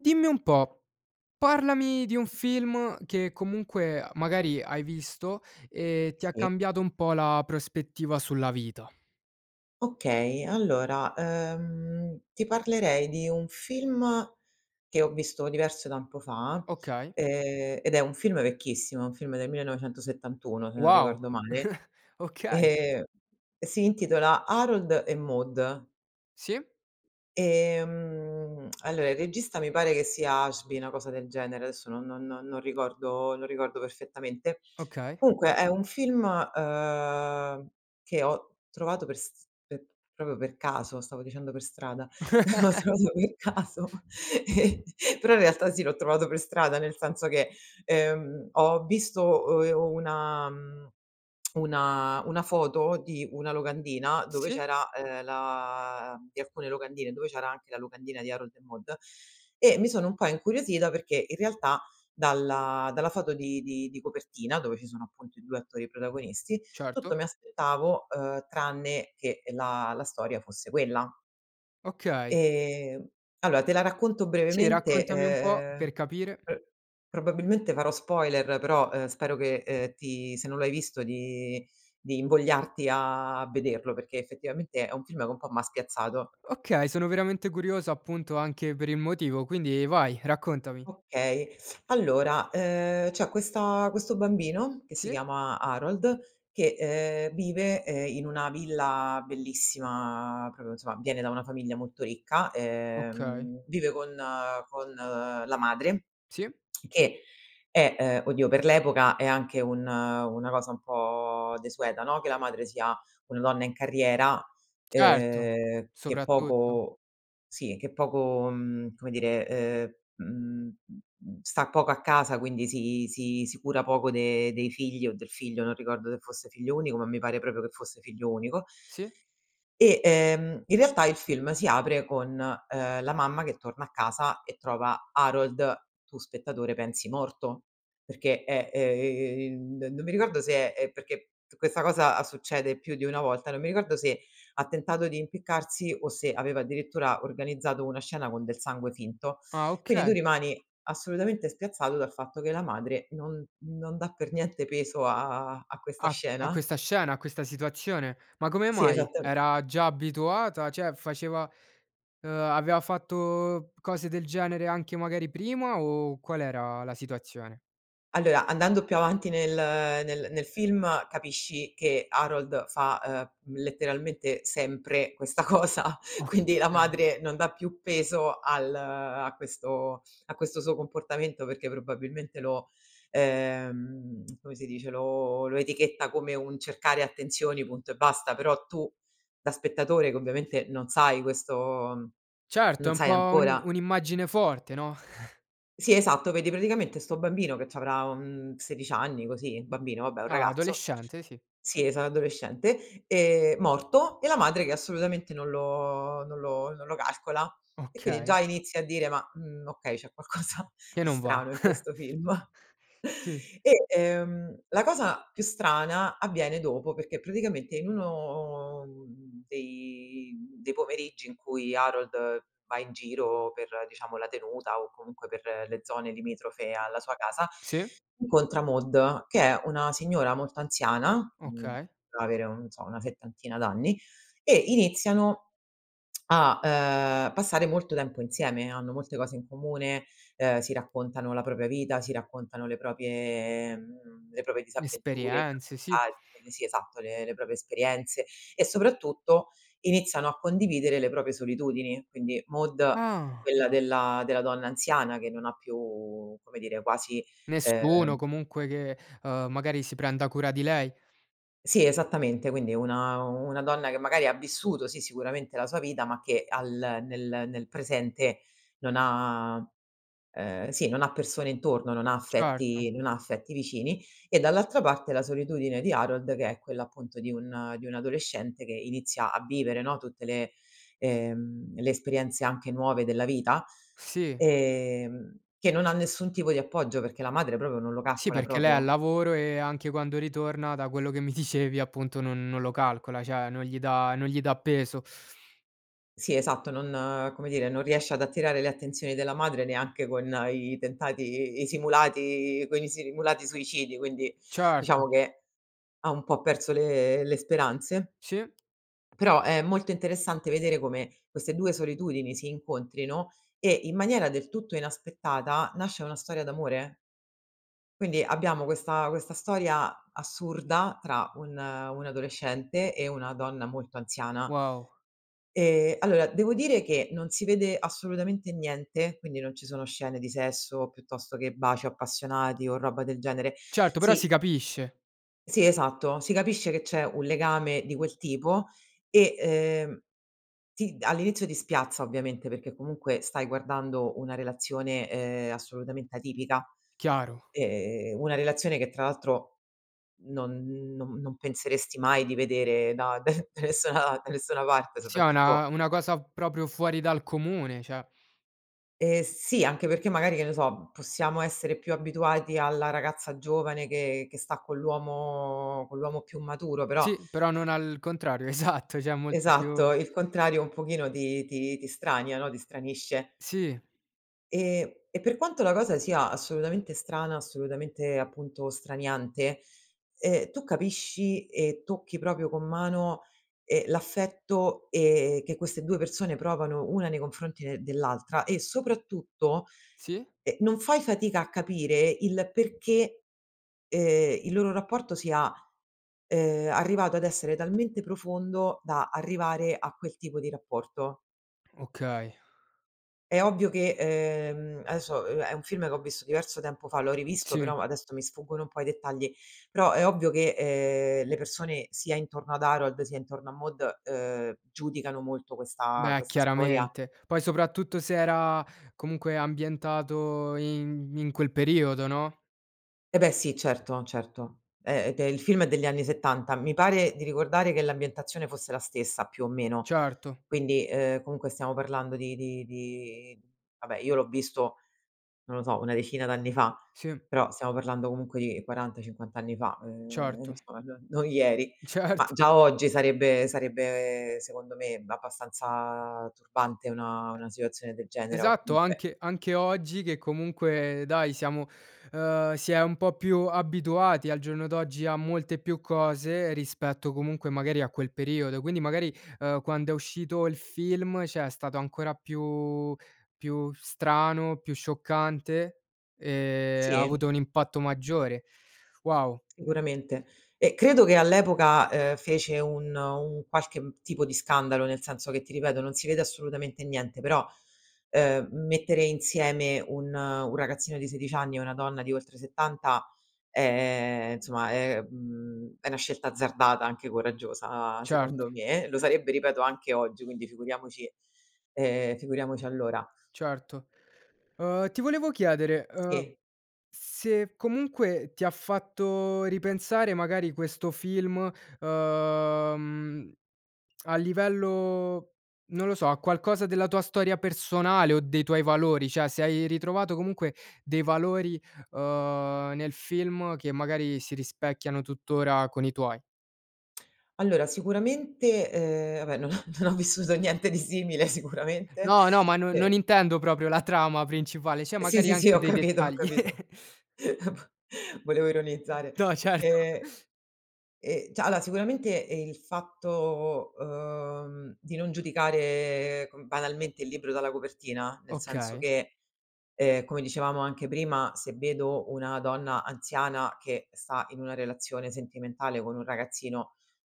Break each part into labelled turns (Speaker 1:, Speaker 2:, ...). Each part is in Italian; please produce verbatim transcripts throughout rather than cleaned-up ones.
Speaker 1: Dimmi un po', parlami di un film che comunque magari hai visto e ti ha
Speaker 2: Sì.
Speaker 1: cambiato un po' la prospettiva sulla vita.
Speaker 2: Okay, allora, uhm, ti parlerei di un film che ho visto diverso tempo fa,
Speaker 1: Okay.
Speaker 2: ehm, ed è un film vecchissimo, un film del millenovecentosettantuno se non
Speaker 1: Wow,
Speaker 2: ricordo male,
Speaker 1: okay.
Speaker 2: ehm, si intitola Harold e Maude.
Speaker 1: Sì.
Speaker 2: Ehm, allora il regista mi pare che sia Ashby, una cosa del genere, adesso non non non ricordo non ricordo perfettamente.
Speaker 1: Okay.
Speaker 2: Comunque è un film, uhm, che ho trovato per st per proprio per caso, stavo dicendo per strada, ho trovato per caso, e però in realtà sì, l'ho trovato per strada, nel senso che, ehm, ho visto uhm, e una mhmm, una una foto di una locandina, dove
Speaker 1: Sì.
Speaker 2: c'era, ehm, la di alcune locandine, dove c'era anche la locandina di Harold e Maude e mi sono un po' incuriosita, perché in realtà dalla dalla foto di di di copertina, dove ci sono appunto i due attori protagonisti,
Speaker 1: Certo.
Speaker 2: tutto mi aspettavo, uhm, tranne che la la storia fosse quella.
Speaker 1: Okay.
Speaker 2: Ehm, alloa te la racconto
Speaker 1: Sì
Speaker 2: brevemente,
Speaker 1: raccontami un po',
Speaker 2: ehm,
Speaker 1: per capire.
Speaker 2: pr probabilmente farò spoiler, però, uhm, spero che, ehm, ti se non l'hai visto di di invogliarti a vederlo, perché effettivamente è un film che un po' m'ha spiazzato.
Speaker 1: Okay, sono veramente curioso appunto anche per il motivo, quindi vai raccontami.
Speaker 2: Okay. Allora, ehm, c'è questa questo bambino che si
Speaker 1: Si.
Speaker 2: chiama Harold, che, ehm, vive, ehm, in una villa bellissima proprio insomma, viene da una famiglia molto ricca.
Speaker 1: Okay.
Speaker 2: Ehm, vive con con la madre,
Speaker 1: Si.
Speaker 2: che è, uhm oddio, per l'epoca è anche un una cosa un po' desueta, no, che la madre sia una donna in carriera,
Speaker 1: Certo,
Speaker 2: uhm, che
Speaker 1: soprattutto.
Speaker 2: poco sì che poco mhmm, come dire, uhm mhmm, sta poco a casa, quindi si si si cura poco de dei figli o del figlio, non ricordo se fosse figlio unico ma, mi pare proprio che fosse figlio unico.
Speaker 1: Sì.
Speaker 2: E, ehm, in realtà, il film si apre con, uhm, la mamma che torna a casa e trova Harold, tu spettatore pensi, morto, perché è ehm, non mi ricordo se è è perché questa cosa succede più di una volta, non mi ricordo se ha tentato di impiccarsi o se aveva addirittura organizzato una scena con del sangue finto.
Speaker 1: Ah,
Speaker 2: Quindi tu
Speaker 1: okay.
Speaker 2: rimani assolutamente spiazzato, dal fatto che la madre non non dà per niente peso a a questa
Speaker 1: A a
Speaker 2: scena.
Speaker 1: questa scena, a questa situazione, ma come
Speaker 2: Sì
Speaker 1: mai?
Speaker 2: esattam
Speaker 1: Era già abituata, ceh faceva uhm, avea fatto cose del genere anche magari prima, o qual era la situazione?
Speaker 2: Allora, andando più avanti nel nel nel film, capisci che Harold fa, uhm, letteralmente sempre questa cosa, quindi la
Speaker 1: Oka
Speaker 2: madre, non dà più peso al a questo a questo suo comportamento, perché probabilmente lo ehm, come si dice, lo lo etichetta come un cercare attenzioni punto e basta. Però tu da spettatore, che ovviamente non sai questo
Speaker 1: Certo
Speaker 2: non
Speaker 1: è un
Speaker 2: sai
Speaker 1: po' un
Speaker 2: ancora
Speaker 1: un'immagine forte no?
Speaker 2: Sì esatto, vedi praticamente sto bambino che c'avrà, uhm, sedici anni, così un bambino vabbè è un
Speaker 1: Ah,
Speaker 2: ragazzo
Speaker 1: adolescente sì.
Speaker 2: sì esat adolescente, ehm, morto e la madre che assolutamente non lo non lo non lo calcola, e quindi
Speaker 1: Okay.
Speaker 2: già inizi a dire: "Ma, mhmm, okay c'è qualcosa
Speaker 1: Che
Speaker 2: di
Speaker 1: non va.
Speaker 2: strano in questo film."
Speaker 1: Sì.
Speaker 2: E, ehm, la cosa più strana, avviene dopo, perché praticamente, in uno dei dei pomeriggi in cui Harold va in giro per diciamo la tenuta, o comunque per le zone limitrofe alla sua casa,
Speaker 1: Sì.
Speaker 2: incontra Maude, che è una signora molto anziana, uhm,
Speaker 1: Okay.
Speaker 2: potrà avere, non so una settantina d'anni, e iniziano a ,uhm, passare molto tempo insieme, hanno molte cose in comune, uhm, si raccontano la propria vita, si raccontano le proprie le proprie disavventure
Speaker 1: Esperienze, sì.
Speaker 2: [unintelligible] sì esatto le le proprie esperienze. E soprattutto iniziano a condividere le proprie solitudini; quindi Maude
Speaker 1: Ah.
Speaker 2: quella della della donna anziana, che non ha più, come dire, quasi
Speaker 1: Nessuno
Speaker 2: ehm
Speaker 1: comunque che, uhm, magari si prenda cura di lei.
Speaker 2: Sì, esattamente, quindi una una donna che magari ha vissuto, sì, sicuramente la sua vita, ma che al nel nel presente non ha uhm sì, non ha persone intorno, non ha
Speaker 1: Certo.
Speaker 2: affetti, non ha affetti vicini; e dall'altra parte la solitudine di Harold che è quella appunto di un di un adolescente che inizia a vivere no, tutte le ehm, le esperienze, anche nuove, della vita,
Speaker 1: Sì.
Speaker 2: ehm, che non ha nessun tipo di appoggio, perché la madre propo non lo
Speaker 1: Sì
Speaker 2: calcola
Speaker 1: perché lei è al
Speaker 2: propio.
Speaker 1: lavoro, e anche quando ritorna, da quello che mi dicevi appunto, non non lo calcola ceh non gli dà non gli dà peso.
Speaker 2: Sì esatto non come dire non riesce ad attirare le attenzioni della madre neanche con i tentati i simulati con i simulati suicidi quindi
Speaker 1: Certo.
Speaker 2: diciamo che ha un po' perso le le speranze.
Speaker 1: Sì.
Speaker 2: Però è molto interessante vedere come queste due solitudini si incontrino e, in maniera del tutto inaspettata, nasce una storia d'amore. Quindi abbiamo questa questa storia assurda tra un un adolescente e una donna molto anziana.
Speaker 1: Wow.
Speaker 2: Ehm, allora devo dire che non si vede assolutamente niente, quindi non ci sono scene di sesso, piuttosto che baci appassionati o roba del genere.
Speaker 1: Certo però si
Speaker 2: Sì
Speaker 1: capisce.
Speaker 2: sì esatto si capisce che c'è un legame di quel tipo e, ehm, ti all'inizio ti spiazza, ovviamente, perché comunque stai guardando una relazione, ehm, assolutamente atipica.
Speaker 1: Chiaro.
Speaker 2: Ehm, una relazione che tra l'altro non non non penseresti mai di vedere da d da nessuna da nessuna parte
Speaker 1: Si è
Speaker 2: soprattutto
Speaker 1: una una cosa proprio fuori dal comune, ceh
Speaker 2: Ehm, sì, anche perché magari, che ne so, possiamo essere più abituati alla ragazza giovane che che sta con l'uomo con l'uomo più maturo però
Speaker 1: Sì però non al contrario, esatto ceh è molto
Speaker 2: Esatto,
Speaker 1: più
Speaker 2: il contrario un pochino ti ti ti strania, no, ti stranisce.
Speaker 1: Sì.
Speaker 2: E e per quanto la cosa sia assolutamente strana, assolutamente appunto straniante, ehm, tu capisci e tocchi proprio con mano, ehm, l'affetto, ehm, che queste due persone provano una nei confronti de dell'altra e soprattutto,
Speaker 1: Sì.
Speaker 2: ehm, non fai fatica a capire il perché, ehm, il loro rapporto sia, uhm, arrivato ad essere talmente profondo, da arrivare a quel tipo di rapporto.
Speaker 1: Okay.
Speaker 2: È ovvio che, uhm, adesso, uhm, è un film che ho visto diverso tempo fa, l'ho rivisto
Speaker 1: Sì.
Speaker 2: però adesso mi sfuggono un po' i dettagli, però è ovvio che, ehm, le persone sia intorno ad Harold sia intorno a Maude, uhm, giudicano molto questa
Speaker 1: Beh
Speaker 2: questa storia.
Speaker 1: chiaramente, poi soprattutto se era comunque ambientato in in quel periodo no?
Speaker 2: Eh beh, sì certo, certo, ehm ed e il film è degli anni settanta mi pare di ricordare che l'ambientazione fosse la stessa, più o meno.
Speaker 1: Certo.
Speaker 2: Quindi, uhm, comunque stiamo parlando di di di vabbè io l'ho visto, non lo so, una decina d'anni fa,
Speaker 1: Sì.
Speaker 2: però stiamo parlando comunque di quaranta cinquant anni fa, ehm,
Speaker 1: Certo.
Speaker 2: insomma n non ieri. Ma
Speaker 1: Certo.
Speaker 2: già oggi sarebbe sarebbe, secondo me, abbastanza turbante una una situazione del genere o
Speaker 1: Esatto
Speaker 2: comunque
Speaker 1: anche anche oggi che comunque dai siamo uhm, si è un po' più abituati al giorno d'oggi a molte più cose, rispetto comunque magari a quel periodo, quindi magari, uhm, quando è uscito il film, ceh, è stato ancora più più strano, più scioccante e ha
Speaker 2: Sì.
Speaker 1: avuto un impatto maggiore, wow!
Speaker 2: Sicuramente e credo che all'epoca, uhm, fece un un qualche tipo di scandalo, nel senso che ti ripeto non si vede assolutamente niente però, uhm, mettere insieme un un ragazzino di sedic anni e una donna di oltre settanta, ehm, nsomma è mhmm, è una scelta azzardata anche coraggiosa,
Speaker 1: Certo.
Speaker 2: secondo me, lo sarebbe, ripeto, anche oggi quindi figuriamoci ehm, figuriamoci allora.
Speaker 1: Certo. Uhm, ti volevo chiedere, uhm,
Speaker 2: Sì.
Speaker 1: se comunque ti ha fatto ripensare magari, questo film, uhm, a livello non lo so, a qualcosa della tua storia personale o dei tuoi valori, ceh, se hai ritrovato comunque dei valori, uhm, nel film che magari si rispecchiano, tuttora, con i tuoi.
Speaker 2: Allora sicuramente, uhm, vabbè non ho non ho vissuto niente di simile sicuramente
Speaker 1: No, no, ma non non
Speaker 2: e
Speaker 1: intendo proprio la trama principale, cioè
Speaker 2: Sì,
Speaker 1: magari
Speaker 2: sì, sì
Speaker 1: anche
Speaker 2: ho
Speaker 1: dei
Speaker 2: capito, ho
Speaker 1: dettagli.
Speaker 2: capito, volevo ironizzare
Speaker 1: No certo.
Speaker 2: e e ceh allora sicuramente il fatto, uhm, di non giudicare com banalmente il libro dalla copertina, nel senso
Speaker 1: Okay.
Speaker 2: che, ehm, come dicevamo anche prima, se vedo una donna anziana che sta in una relazione sentimentale con un ragazzino,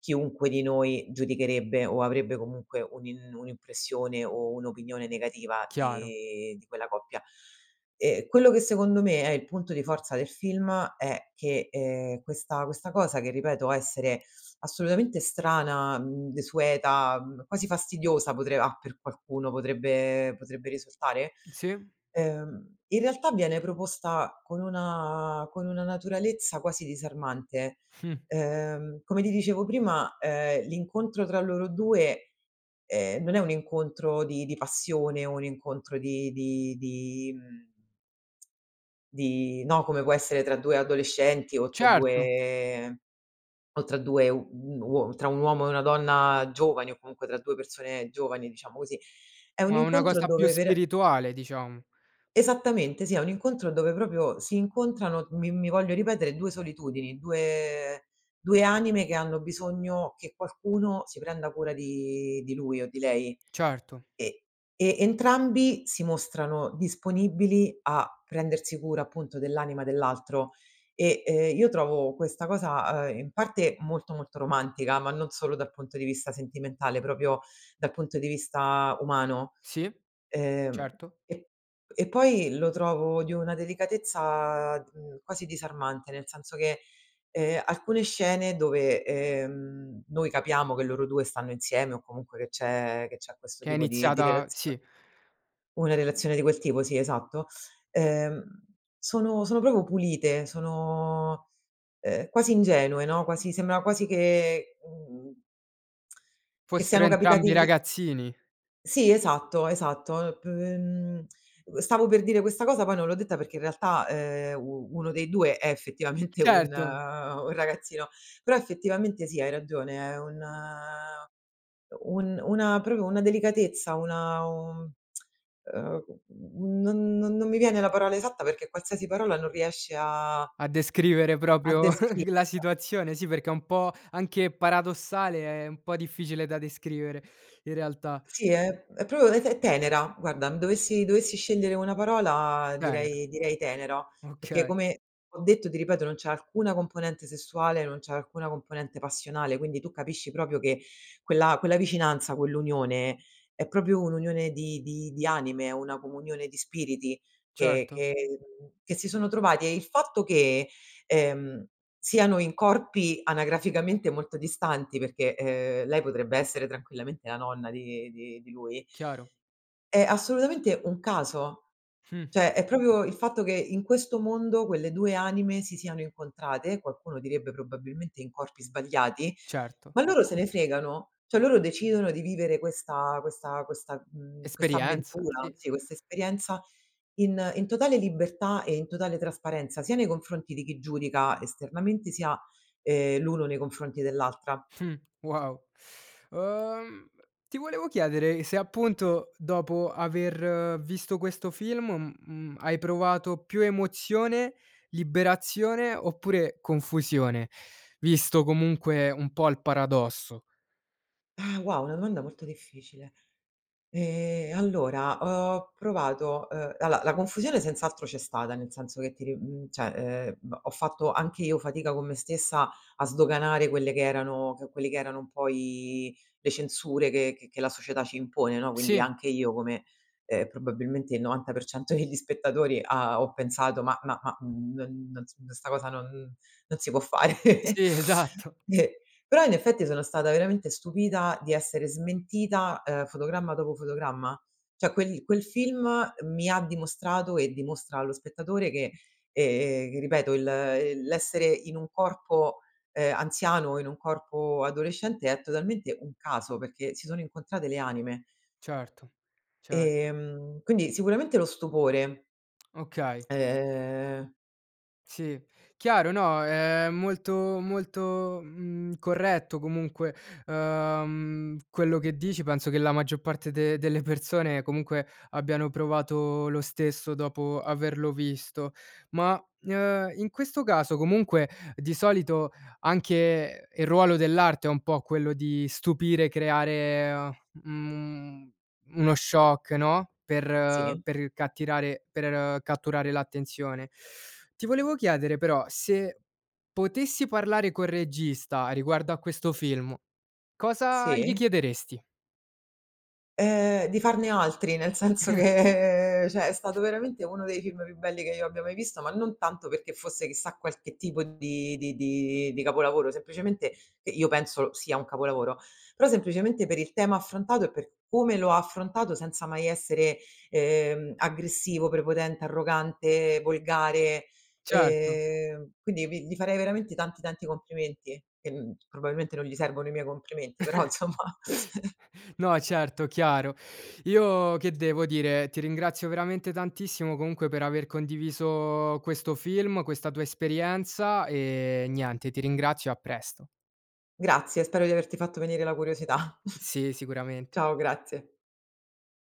Speaker 2: chiunque di noi giudicherebbe o avrebbe comunque un'im un'impressione o un'opinione negativa
Speaker 1: Chiaro.
Speaker 2: di di quella coppia e quello che, secondo me, è il punto di forza del film è che, ehm, questa questa cosa che, ripeto essere assolutamente strana, mhmm, desueta, mhmm, quasi fastidiosa potre a per qualcuno potrebbe potrebbe risultare,
Speaker 1: Sì.
Speaker 2: ehm, in realtà viene proposta con una con una naturalezza quasi disarmante,
Speaker 1: Mh.
Speaker 2: uhm, come ti dicevo prima, ehm, l'incontro tra loro due, ehm, non è un incontro di di passione o un incontro di di di mhmm di no, come può essere tra due adolescenti o tra
Speaker 1: Certo.
Speaker 2: due o tra due u uo tra un uomo e una donna giovani o comunque tra due persone giovani, diciamo così, è un
Speaker 1: Ma una
Speaker 2: incontro
Speaker 1: cosa più
Speaker 2: dove per
Speaker 1: spirituale diciamo.
Speaker 2: Esattamente, sì, è un incontro dove proprio si incontrano, mi mi voglio ripetere due solitudini, due due anime che hanno bisogno che qualcuno si prenda cura di di lui o di lei,
Speaker 1: Certo.
Speaker 2: e e entrambi si mostrano disponibili a prendersi cura appunto dell'anima dell'altro e, ehm, io trovo questa cosa, ehm, in parte molto molto romantica, ma non solo dal punto di vista sentimentale, proprio dal punto di vista umano.
Speaker 1: Sì,
Speaker 2: Ehm,
Speaker 1: certo.
Speaker 2: e e poi lo trovo di una delicatezza, mhmm, quasi disarmante, nel senso che, ehm, alcune scene dove, ehm, noi capiamo che loro due stanno insieme o comunque che c'è che c'è questo
Speaker 1: Che è
Speaker 2: tipo di di
Speaker 1: iniziata
Speaker 2: relazione
Speaker 1: sì.
Speaker 2: una relazione di quel tipo, sì esatto, uhm, sono sono propo pulite sono, ehm, quasi ingenue, no, quasi sembra quasi che, mhmm, che
Speaker 1: Fossero
Speaker 2: siano capitati
Speaker 1: entrambi
Speaker 2: lì
Speaker 1: ragazzini.
Speaker 2: Sì esatto, esatto l p mhmm, uhm, stavo per dire questa cosa poi non l'ho detta, perché in realtà, ehm, u uno dei due è effettivamente un
Speaker 1: Certo.
Speaker 2: un ragazzino, però effettivamente sì hai ragione è un un una proprio una delicatezza, una un uhm, non non non mi viene la parola esatta, perché qualsiasi parola non riesce a
Speaker 1: A descrivere
Speaker 2: a
Speaker 1: propio la
Speaker 2: descriverla.
Speaker 1: situazione, sì perché è un po' anche paradossale, è un po' difficile da descrivere, in realtà.
Speaker 2: Sì è è propio è t è tenera guarda dovessi dovessi scendere una parola
Speaker 1: Tenera.
Speaker 2: direi direi tenera. Perché,
Speaker 1: Okay.
Speaker 2: come ho detto, ti ripeto, non c'è alcuna componente sessuale, non c'è alcuna componente passionale, quindi tu capisci propio che quella quella vicinanza, quell'unione è propio un'unione di di di anime, una comunione di spiriti che
Speaker 1: Certo.
Speaker 2: che mhmm, che si sono trovati, e il fatto che, ehm, siano in corpi anagraficamente molto distanti, perché, uhm, lei potrebbe essere tranquillamente la nonna di di di lui
Speaker 1: Chiaro.
Speaker 2: è assolutamente un caso,
Speaker 1: Mh.
Speaker 2: ceh è proprio il fatto che in questo mondo quelle due anime si siano incontrate, qualcuno direbbe probabilmente in corpi sbagliati,
Speaker 1: Certo.
Speaker 2: ma loro se ne fregano, ceh loro decidono di vivere questa questa questa mhmm, questa
Speaker 1: Esperienza,
Speaker 2: avventura,
Speaker 1: sì.
Speaker 2: sì, questa esperienza in in totale libertà e in totale trasparenza, sia nei confronti di chi giudica esternamente, sia, ehm, l'uno nei confronti dell'altra.
Speaker 1: Mh, wow. Uhm, ti volevo chiedere se, appunto, dopo aver visto questo film, mhmm, hai provato più emozione, liberazione oppure confusione, visto comunque un po' il paradosso.
Speaker 2: Ah, wow, è una domanda molto difficile. Ehm, allora ho provato uhm, alloa la confusione senz'altro c'è stata, nel senso che ti ri mhmm, ceh, ehm, h ho fatto anche io fatica con me stessa a sdoganare quelle che erano quelli che erano un po' i le censure che che che la società ci impone no? Quindi
Speaker 1: Sì.
Speaker 2: anche io come, ehm, probabilmente il novanta per cento degli spettatori ha ho pensato: "Ma ma ma non non s sta cosa non non si può fare."
Speaker 1: Sì esatto.
Speaker 2: E però, in effetti, sono stata veramente stupita di essere smentita, uhm, fotogramma dopo fotogramma, ceh quel quel film mi ha dimostrato e, dimostra allo spettatore, che ehm, che ripeto il il l'essere in un corpo, uhm, anziano e in un corpo adolescente è totalmente un caso, perché si sono incontrate le anime.
Speaker 1: Certo, certo.
Speaker 2: Ehm, quindi sicuramente lo stupore.
Speaker 1: Okay.
Speaker 2: Ehm
Speaker 1: Sì. Chiaro no, è molto molto, mhmm, corretto comunque, uhm, quello che dici penso che la maggior parte de delle persone comunque abbiano provato lo stesso dopo averlo visto. Ma, uhm, in questo caso comunque di solito anche il ruolo dell'arte è un po' quello di stupire, creare a mhmm, uno shock, no, per
Speaker 2: Sì.
Speaker 1: per cattirare per catturare l'attenzione. Ti volevo chiedere, però, se potessi parlare col regista riguardo a questo film, cosa gli
Speaker 2: Sì.
Speaker 1: chiederesti?
Speaker 2: Ehm, di farne altri, nel senso che cioè è stato veramente uno dei film più belli che io abbia mai visto, ma non tanto perché fosse chissà qualche tipo di di di di capolavoro, semplicemente i io penso sia un capolavoro, però semplicemente per il tema affrontato e per come lo ha affrontato, senza mai essere, ehm, aggressivo, prepotente, arrogante, volgare
Speaker 1: Certo.
Speaker 2: ehm, quindi, vi gli farei veramente tanti, tanti complimenti. Che, mhmm, probabilmente non gli servono i miei complimenti, però nsomma.
Speaker 1: No, certo, chiaro. Io che devo dire? Ti ringrazio veramente tantissimo, comunque, per aver condiviso questo film, questa tua esperienza e, niente, ti ringrazio e a presto.
Speaker 2: Grazie spero di averti fatto venire la curiosità.
Speaker 1: Sì sicuramente.
Speaker 2: Ciao grazie.